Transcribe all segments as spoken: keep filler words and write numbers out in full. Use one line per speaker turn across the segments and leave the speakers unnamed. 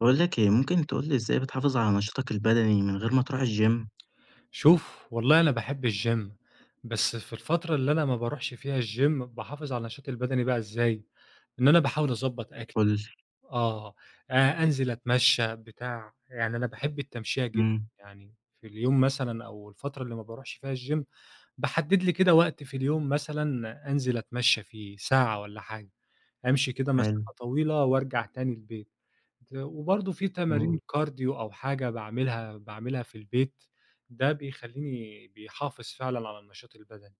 باقول لك إيه، ممكن تقول لي إزاي بتحافظ على نشاطك البدني من غير ما تروح الgym؟
شوف والله أنا باحب الgym، بس في الفترة اللي أنا ما باروحش فيها الgym، باحافظ على النشاط البدني بقى إزاي؟ إن أنا باحاول أضبط أكلي،
قل لي.
آه، أ أنزل أتمشى بتاع، يعني أنا باحب التمشية جدًا
امم.
يعني في اليوم مثلًا أو الفترة اللي ما باروحش فيها الgym، باحدد لي كده وقت في اليوم مثلًا أنزل أتمشى فيه ساعة والّا حاجة، أمشي كده
حلو.
مسافة طويلة وأرجع تاني البيت. ت وبرضه في تمارين
امم.
cardio أو حاجة باعملها باعملها في البيت، ده بيخليني بيحافظ فعلًا على النشاط البدني.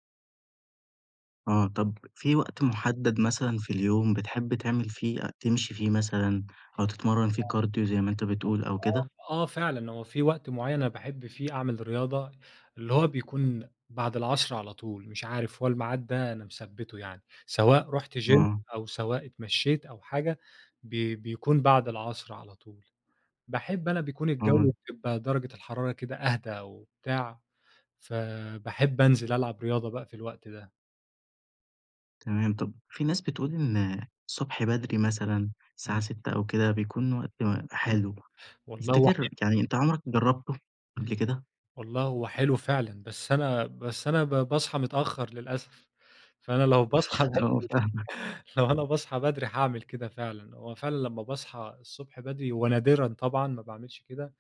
آه، طب في وقت محدد مثلًا في اليوم بتحب تعمل فيه تمشي فيه مثلًا أو تتمرن فيه cardio زي ما أنتَ بتقول أو كده؟
آه، آه، آه، فعلًا هو في وقت معيّن أنا باحب فيه أعمل رياضة، اللي هو بيكون بعد العصر على طول. مش عارف، هو الميعاد ده أنا مثَبّته يعني سواء رُحت gym
آه.
أو سواء اتمشيت أو حاجة بي بيكون بعد العصر على طول. باحب أنا بيكون
آه.
الجو بيبقى درجة الحرارة كده أهدى وبتاع، فباحب أنزل ألعب رياضة بقى في الوقت ده.
تمام، طب في ناس بتقول إن الصبح بدري مثلًا الساعة
إمم.
ستة أو كده بيكون وقت م حلو،
والله هو
تفتكر
حلو.
يعني أنت عمرك جربته قبل كده؟
والله هو حلو فعلًا، بس أنا، بس أنا ب باصحى متأخر للأسف، فأنا لو باصحى بدري،
آه، فاهمك.
لو أنا باصحى بدري حاعمل كده فعلًا، هو فعلًا لمّا باصحى الصبح بدري ونادرًا طبعًا ما باعملش كده،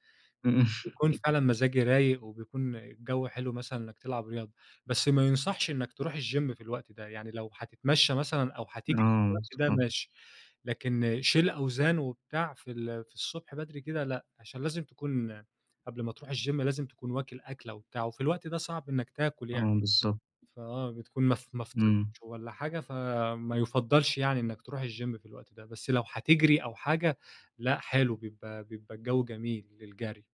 إمم.
بيكون فعلًا مزاجي رايق، وبيكون الجو حلو مثلًا إنك تلعب رياضة، بس ما يُنصحش إنك تروح الGym في الوقت ده يعني لو هتتمشى مثلًا أو هتجري في
آه،
الوقت ده
صح.
ماشي، لكن شيل أوزان وبتاع في ال في الصبح بدري كده لأ، علشان لازم تكون قبل ما تروح الGym لازم تكون واكل أكلة وبتاع، وفي الوقت ده صعب إنك تاكل يعني،
آه، بالضبط.
فآه، بتكون م ما فطرتش
إمم.
والّا حاجة فما يُفضلش يعني إنك تروح الGym في الوقت ده، بس لو هتجري أو حاجة لأ حلو بيبقى بيبقى الجو جميل للجري.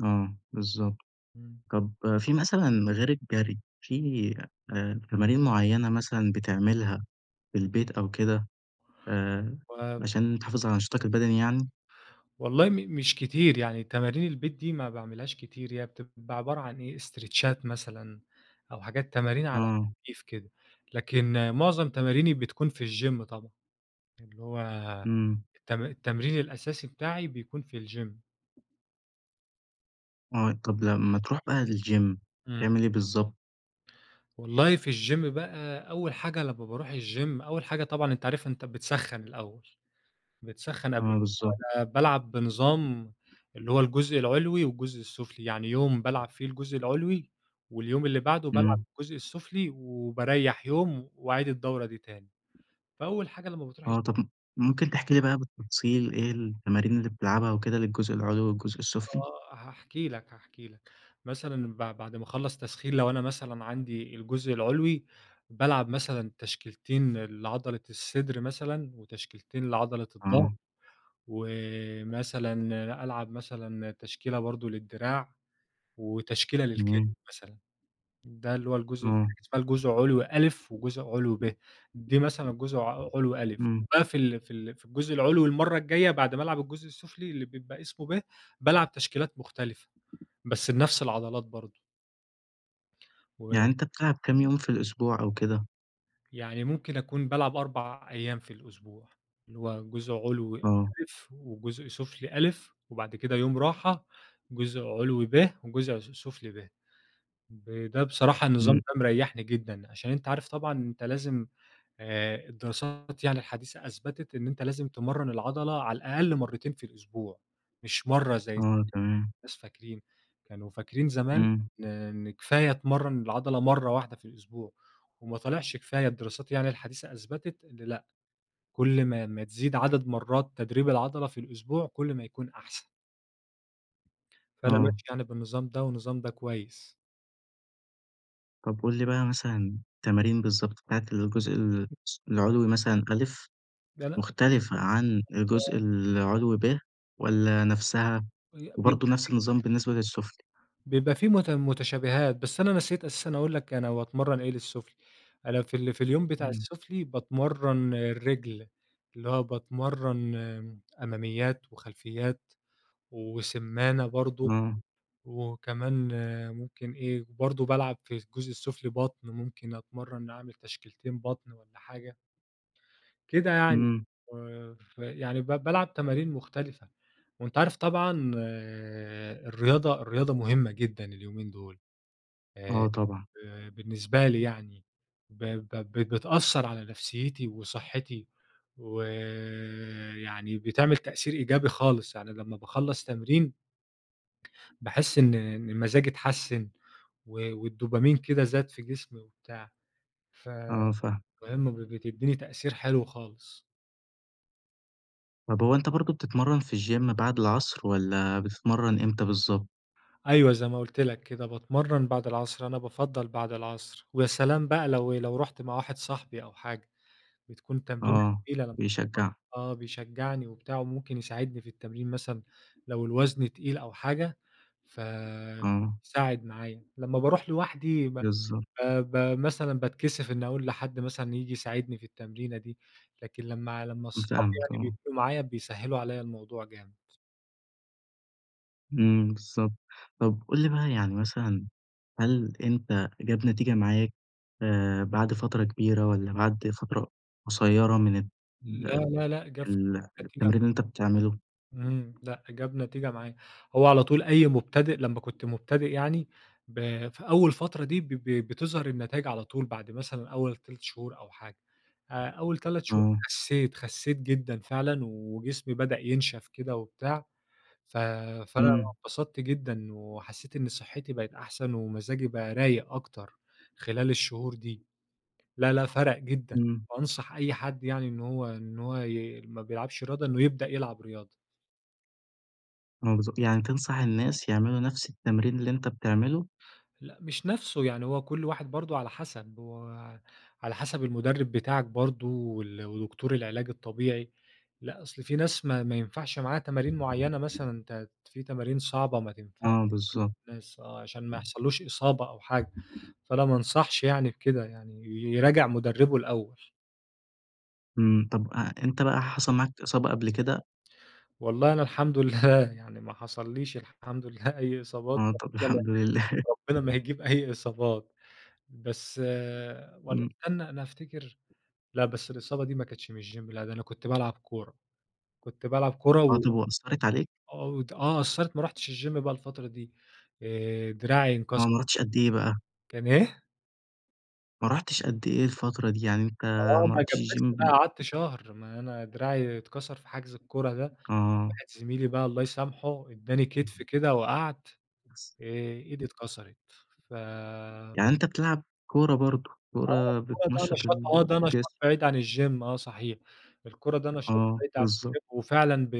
آه، بالضبط،
إمم.
طب في مثلًا غير الجري، في آآ تمارين معينة مثلًا بتعملها في البيت أو كده؟ آآ،
و
عشان تحافظ على نشاطك البدني يعني؟
والله م مش كتير، يعني تمارين البيت دي ما باعملهاش كتير هي بتبقى عبارة عن إيه استريتشات مثلًا أو حاجات تمارين على
آه.
خفيف كده، لكن معظم تماريني بتكون في الGym طبعًا، اللي هو،
إمم.
الت التمرين الأساسي بتاعي بيكون في الGym
آه، طب لمّا تروح بقى الgym،
امم.
تعمل إيه بالضبط؟
والله في الgym بقى، أوّل حاجة لمّا باروح الgym، أوّل حاجة طبعًا أنت عارف أنت بتسخّن الأوّل. بتسخن قبل،
آه
[unintelligible]
بالضبط.
وأنا بالعب بنظام اللي هو الجزء العلوي والجزء السفلي، يعني يوم بالعب فيه الجزء العلوي، واليوم اللي بعده بالعب
امم.
الجزء السفلي، وباريّح يوم وأعيد الدورة دي تاني. فأول حاجة لمّا بتروح
آه،
الgym
طب م ممكن تحكي لي بقى بالتفصيل إيه التمارين اللي بتلعبها وكده للجزء العلوي والجزء السفلي؟
آه، هاحكي لك، هاحكي لك. مثلًا بع بعد ما أخلّص تسخين لو أنا مثلًا عندي الجزء العلوي، بالعب مثلًا تشكيلتين لعضلة الصدر مثلًا، وتشكيلتين لعضلة الظَهر،
آه.
ومثلًا ألعب مثلًا تشكيلة برضه للدراع، وتشكيلة للكتف
تمام.
مثلًا. ده اللي هو الجزء
آه.
[unintelligible] اسمها الجزء علوي أ وجزء علوي ب. دي مثلًا جزء ع علوي أ،
امم.
باقفل في ال في الجزء العلوي المرّة الجايّة بعد ما ألعب الجزء السفلي اللي بيبقى اسمه ب، بالعب تشكيلات مختلفة بس لنفس العضلات برضه. و
يعني أنتَ بتلعب كام يوم في الأسبوع أو كده؟
يعني ممكن أكون بالعب أربع أيام في الأسبوع، اللي هو جزء علوي أ،
آه.
وجزء سفلي أ، وبعد كده يوم راحة جزء علوي ب، وجزء عس سفلي ب، ب ده بصراحة النظام
امم.
ده مريحني جدًا، عشان أنتَ عارف طبعًا أنتَ لازم آآ الدراسات يعني الحديثة أثبتت إن أنتَ لازم تمرّن العضلة على الأقل مرتين في الأسبوع، مش مرّة زي ما
آه تمام.
الناس فاكرين، كانوا فاكرين زمان
امم.
إن إن كفاية تمرّن العضلة مرّة واحدة في الأسبوع وما طلعش كفاية الدراسات يعني الحديثة أثبتت إن لأ، كل ما ما تزيد عدد مرات تدريب العضلة في الأسبوع، كل ما يكون أحسن. فأنا
آه.
ماشي يعني بالنظام ده، والنظام ده كويس.
طب قل لي بقى مثلًا التمارين بالضبط بتاعة الجزء الس العلوي مثلًا أ،
لا، لأ.
مختلفة عن الجزء
[unintelligible]
العلوي ب والّا نَفسها؟
وبيبقى
وبرضه نفس
ف [unintelligible]
النظام بالنسبة للسفلي.
بيبقى في مت متشابهات بس أنا نسيت أساسًا أقول لَك أنا باتمرن إيه للسفلي، أنا في ال في اليوم بتاع
امم.
السفلي باتمرن الرِجل، اللي هو باتمرن آمم أماميات، وخلفيات، وسمّانة برضه،
آه.
وكمان ممكن إيه وبرضه بالعب في الجزء السفلي بطن ممكن أتمرن أعمل تشكيلتين بطن والّا حاجة. كده يعني
امم.
آآ ف يعني ب بالعب تمارين مختلفة، وأنتَ عارف طبعًا الرياضة الرياضة مهمة جدًا اليومين دول. آآ
آه طبعًا.
ب بالنسبة لي يعني ب ب ب بتأثر على نفسيتي وصحتي ويعني بتعمل تأثير إيجابي خالص يعني لما باخلص تمرين باحس إن إن مزاجي اتحسن، و والدوبامين كده زاد في جسمي وبتاع، ف
آه صح.
مهم ب ب بتديني تأثير حلو خالص.
طب هو أنتَ برضه بتتمرن في الgym بعد العصر، والّا بتتمرن إمتى بالضبط؟
أيوه، زي ما قلت لك كده، باتمرن بعد العصر، أنا بافضَّل بعد العصر، ويا سلام بقى لو لو رُحت مع واحد صاحبي أو حاجة، بتكون تمرينة
آه،
تقيلة [unintelligible]
بيشجعك.
آه، بيشجعني وبتاع وممكن يساعدني في التمرين مثلًا لو الوزن تقيل أو حاجة، ف
آه.
ساعد معايا، لمّا باروح لوحدي ب ب
بالضبط.
ب مثلًا باتكسف إني أقول لحد مثلًا ييجي يساعدني في التمرينة دي، لكن لمّا لمّا صحابي
فاهمك
يعني
آه.
بيكونوا معايا بيسهّلوا عليّا الموضوع جامد.
إمم بالضبط، طب قل لي بقى يعني مثلًا، هل أنتَ جاب نتيجة معاك آآ بعد فترة كبيرة والّا بعد فترة قصيرة من ال
لا لا لأ،
ال التمرين
[unintelligible]
اللي أنتَ بتعمله؟
إمم لأ، جاب نتيجة معايا، هو على طول أي مُبتدئ لمّا كنت مبتدئ يعني ب في أول فترة دي ب ب بتظهر النتايج على طول بعد مثلًا أول تَلَت شهور أو حاجة، آآ، أول تَلَت شهور
إمم.
خسيت، خسيت جدًا فعلًا وجسمي بدأ ينشف كده وبتاع، ف فأنا
إمم.
اتبسطت جدًا، وحسيت إن صحتي بقِت أحسن ومزاجي بقى رايق أكتر خلال الشهور دي، لا لأ، فرق جدًا
إمم.
أنصح أي حد يعني إن هو إن هو ي ما بيلعبش رياضة إنه يبدأ يلعب رياضة.
آه، بالضبط، يعني تنصح الناس يعملوا نفس التمرين اللي أنت بتعمله؟
لأ، مش نفسه يعني هو كل واحد برضه على حسب هو على حسب المدرب بتاعك برضه وال ودكتور العلاج الطبيعي، لأ أصل في ناس ما ما ينفعش معاها تمارين معينة مثلًا ت في تمارين صعبة ما تنفعش [unintelligible]
آه، بالضبط.
الناس، آه، عشان ما يحصلّوش إصابة أو حاجة، فأنا ما أنصحش يعني بكده يعني يراجع مدربه الأول.
امم، طَب أ أنت بقى حصل معاك إصابة قبل كده؟
والله أنا الحمد لله يعني ما حصليش الحمد لله أي إصابات
آه طَب
ربنا ما ي
الحمد لله.
ربنا ما يجيب أي إصابات بس والّا
إمم.
استنّى، أنا أفتكر لا بس الإصابة دي ما كانتش من الgym لا، ده أنا كنت بالعب كورة، كنت بالعب كورة
آه،
و
طَب وأثّرت عليك؟
آه وت آه أثّرِت ما رُحتش الgym بقى الفترة دي، آآ، دراعي انكس
آه ما رُحتش قد إيه بقى؟
كان إيه؟
ما رُحتش قد إيه الفترة دي؟ يعني أنت
آه،
ما
ما
رُحتش الgym
اتجبست بقى،
من
قعدت شهر، ما أنا دراعي اتكسر في حجز الكورة ده،
آه.
واحد زميلي بقى- الله يسامحه- ادّاني كتف كده وقعت آآ إيدي
[unintelligible]
اتكسرت ف
يعني أنت بتلعب كورة برضه،
آه
كورة
هو ده
بتنشّط
نشاط، هو ده
الجسم.
نشاط بعيد عن الgym آه صحيح،، الكورة ده نشاط
آه
بعيد عن
بالضبط.
الgym وفعلًا ب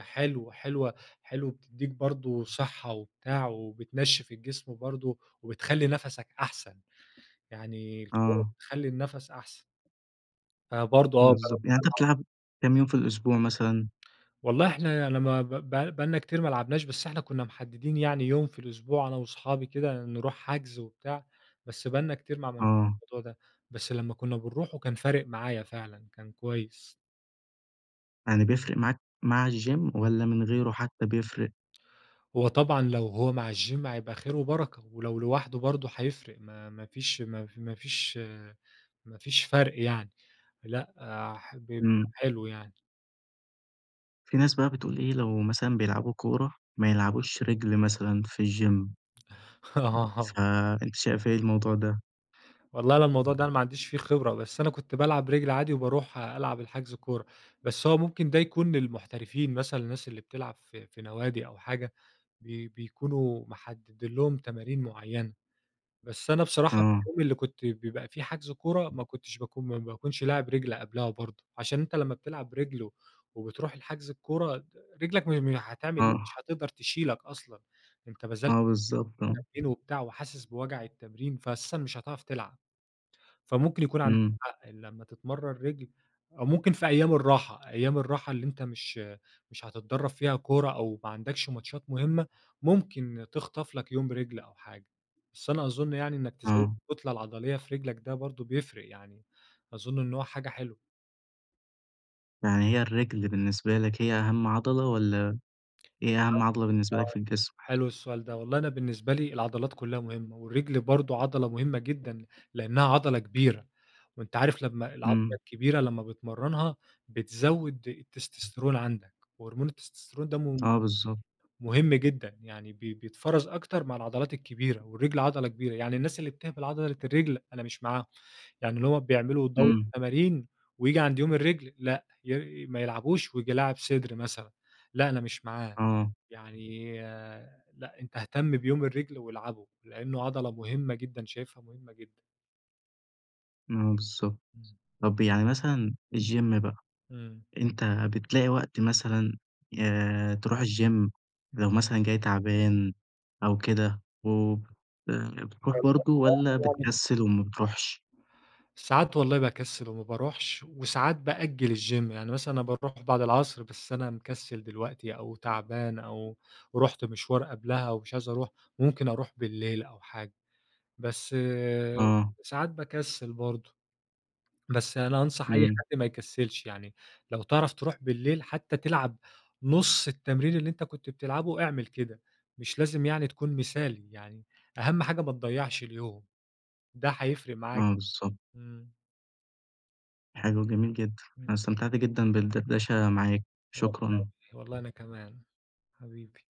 حلو، حلوة، حلو وبتدّيك برضه صحة وبتاع وبتنشف الجسم برضه، وبتخلّي نَفَسَك أحسن، يعني الكورة
آه.
بتخلي النَفَس أحسن. فبرضه آه.
بالضبط، يعني أنت
[unintelligible]
بتلعب كام يوم في الأسبوع مثلًا؟
والله إحنا أنا ما ب ب بقى لنا كتير ما لعبناش، بس إحنا كنا محددين يعني يوم في الأسبوع أنا وصحابي كده نروح حجز وبتاع، بس بقى لنا كتير ما عملناش
آه.
الموضوع ده، بس لما كنا بنروحه كان فارق معايا فعلًا، كان كويس.
يعني بيفرق معاك مع الgym والَّا من غيره حتى بيفرق؟
هو طبعًا لو هو مع الgym هيبقى خير وبركة، ولو لوحده برضه هيفرق ما ما فيش ما ف ما فيش ما فيش فرق يعني. لأ، ح بيبقى
امم.
حلو يعني.
في ناس بقى بتقول إيه؟ لو مثلًا بيلعبوا كورة، ما يلعبوش رِجل مثلًا في الgym
آه
فأنتَ شايف إيه الموضوع ده؟
والله أنا الموضوع ده أنا ما عنديش فيه خبرة، بس أنا كنت بالعب رِجل عادي، وباروح ألعب الحجز كورة. بس هو ممكن ده يكون للمحترفين مثلًا الناس اللي بتلعب في في نوادي أو حاجة بي بيكونوا محددين لهم تمارين معينة، بس أنا بصراحة في
آه.
اليوم اللي كنت بيبقى فيه حجز كورة ما كنتش باكون ما ما باكونش لاعب رِجل قبلها برضه، عشان أنتَ لما بتلعب رِجل، و وبتروح الحجز الكورة ت رِجلك م م-هتعمل إيه مش
آه.
هتقدر تشيلك أصلًا. أنتَ بذلت
آه بالضبط. آه.
تمرين وبتاع وحاسس بوجع التمرين فأساسًا مش هتعرف تلعب. فممكن يكون عندك
امم.
حق لما تتمرن رِجل أو ممكن في أيام الراحة أيام الراحة اللي أنتَ مش مش هتتدرّب فيها كورة، أو ما عندكش ماتشات مهمة ممكن تخطف لَك يوم رِجل أو حاجة. بس أنا أظن يعني إنك تزود
آه.
الكتلة العضلية في رِجلك ده برضه بيفرق، يعني أظن إن هو حاجة حلوة.
يعني هي الرِجل بالنسبة لَك هي أهم عضلة، والّا إيه أهم عضلة بالنسبة لك في الجسم؟
حلو السؤال ده، والله أنا بالنسبة لي العضلات كلها مهمة، والرِجل برضه عضلة مهمة جدًا لإنها عضلة كبيرة، وأنتَ عارف لمّا العضلة
امم.
الكبيرة لمّا بتمرنها بتزود التستسترون عندك، وهرمون التستسترون ده م
آه بالضبط.
مهم جدًا يعني ب بيتفرَز أكتر مع العضلات الكبيرة، والرِجل عضلة كبيرة، يعني الناس اللي بتهمل عضلة الرِجل أنا مش معاهم، يعني اللي هو بيعملوا دورة
امم.
تمارين وييجي عند يوم الرِجل لأ، ي ما يلعبوش وييجي لاعب صدر مثلًا لأ، أنا مش معاه.
آه.
يعني لأ، أنتَ اهتم بيوم الرِجل والعبه، لإنه عضلة مهمة جدًا، شايفها مهمة جدًا.
امم، بالضبط.
امم.
طب يعني مثلًا الgym بقى،
امم.
أنتَ بتلاقي وقت مثلًا، آآ ترُوح الgym لو مثلًا جاي تعبان أو كده وبت بتروح برضه والّا
[unintelligible] يعني.
بتكسل وما بتروحش؟
ساعات والله باكسل وما باروحش، وساعات بأجل الgym، يعني مثلًا أنا باروح بعد العصر، بس أنا مكسل دلوقتي أو تعبان أو رحت مشوار قبلها أو مش عايز أروح وممكن أروح بالليل أو حاجة. بس
آه.
ساعات باكسل برضه. بس أنا أنصح أي
امم.
حد ما يكسلش، يعني لو تعرف تروح بالليل حتى تلعب نص التمرين اللي أنتَ كنت بتلعبه إعمل كده، مش لازم يعني تكون مثالي، يعني أهم حاجة ما تضّيعش اليوم. ده هيفرق معاك،
آه، بالضبط.
امم.
حلو، جميل جدًا.
امم.
أنا استمتعت جدًا بالدردشة معاك،
والله
شكرًا.
والله أنا كمان، حبيبي.